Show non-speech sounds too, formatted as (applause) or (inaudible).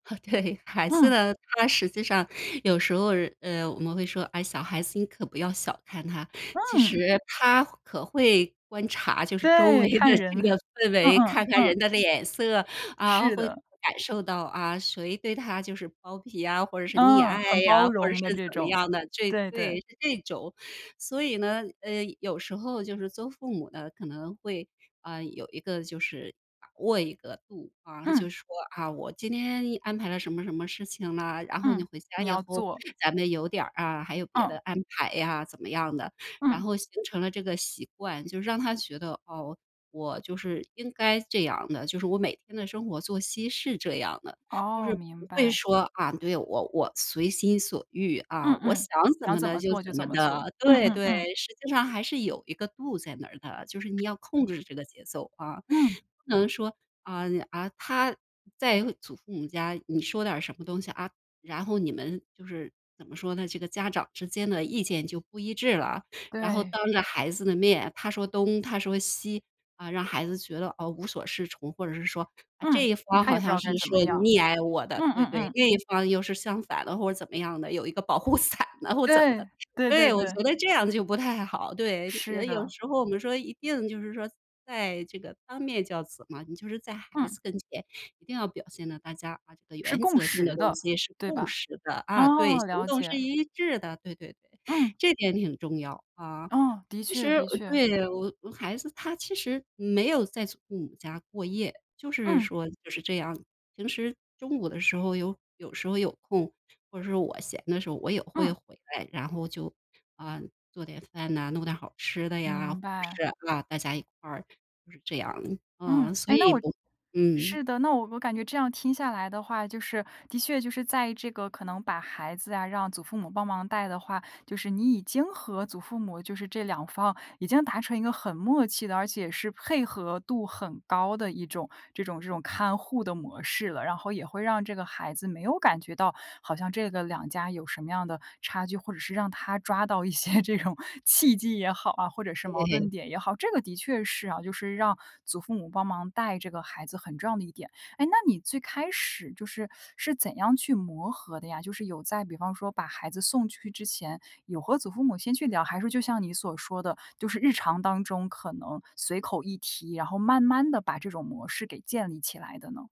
(laughs) 对，孩子嗯。呢，他实际上有时候，呃，我们会说：“哎，小孩子你可不要小看他。其实嗯。他可会观察，就是周围对，看的人。这个氛嗯围，嗯看看嗯。人的脸色，啊，是会的。感受到啊，谁对他就是包庇啊，或者是溺嗯，很爱呀，包或者容的是这怎么种，样的，这”对对，对。是这种。所以呢，呃，有时候就是做父母的，可能会啊，有一个就是把握一个度啊。就嗯。说啊，我今天安排了什么什么事情了，然后你嗯，回家你以要后做。咱们有点儿啊，还有别的嗯。安排呀，怎么样的。然嗯。后形成了这个习惯，就让他觉得，哦，我就是应该这样的，就是我每天的生活作息是这样的。就哦，是明不会白。说啊，对，我我随心所欲啊，嗯我想嗯，怎想么怎的么就做就怎怎么么做。的。嗯对嗯对，嗯。实际上还是有一个度在那儿的，就是你要控嗯。制这个节奏啊。嗯。不能说啊，啊，他在祖父母家你说点儿什么东西，啊，然后你们就是怎么说呢，这个家长之间的意见就不一致了。然后对。当着孩子的面，他说东她说西，啊，让孩子觉得，哦，无所适从，或者是说嗯，这一方他好也不知像道是该怎么说样，溺爱我的嗯对嗯对，嗯。另一方又是相反的或者怎么样的，有一个保护伞了或者怎么对，的。对对对，我对。觉得这样就不太好。对，是有的。时候我们说一定就是说在这个当面教子嘛，你就是在孩嗯。子跟前一定要表现的大家把这个是原共则性识的东的，西是对共吧？识的啊，对，哦，行了动是解。一致的，对对对，嗯。这点挺重要啊。哦，的其确实的确。对，我我孩子他其实没有在父母家过夜，就是嗯。说就是这样。平时中午的时候有有时候有空，或者是我闲的时候我也会嗯。回来，然后就，啊，做点饭呐，弄点好吃的呀，或明白。者是，啊，大家一块儿就是这样嗯，啊，所哎，那以我我嗯。是的，那我我感觉这样听下来的话，就是的确就是在这个可能把孩子啊，让祖父母帮忙带的话，就是你已经和祖父母就是这两方已经达成一个很默契的，而且是配合度很高的一种这种这种看护的模式了。然后也会让这个孩子没有感觉到好像这个两家有什么样的差距，或者是让他抓到一些这种契机也好啊，或者是矛盾对。点也好。这个的确是啊，就是让祖父母帮忙带这个孩子很重要的一点。哎，那你最开始就是是怎样去磨合的呀，就是有在比方说把孩子送去之前，有和祖父母先去聊。还是说就像你所说的，就是日常当中可能随口一提，然后慢慢地把这种模式给建立起来的呢？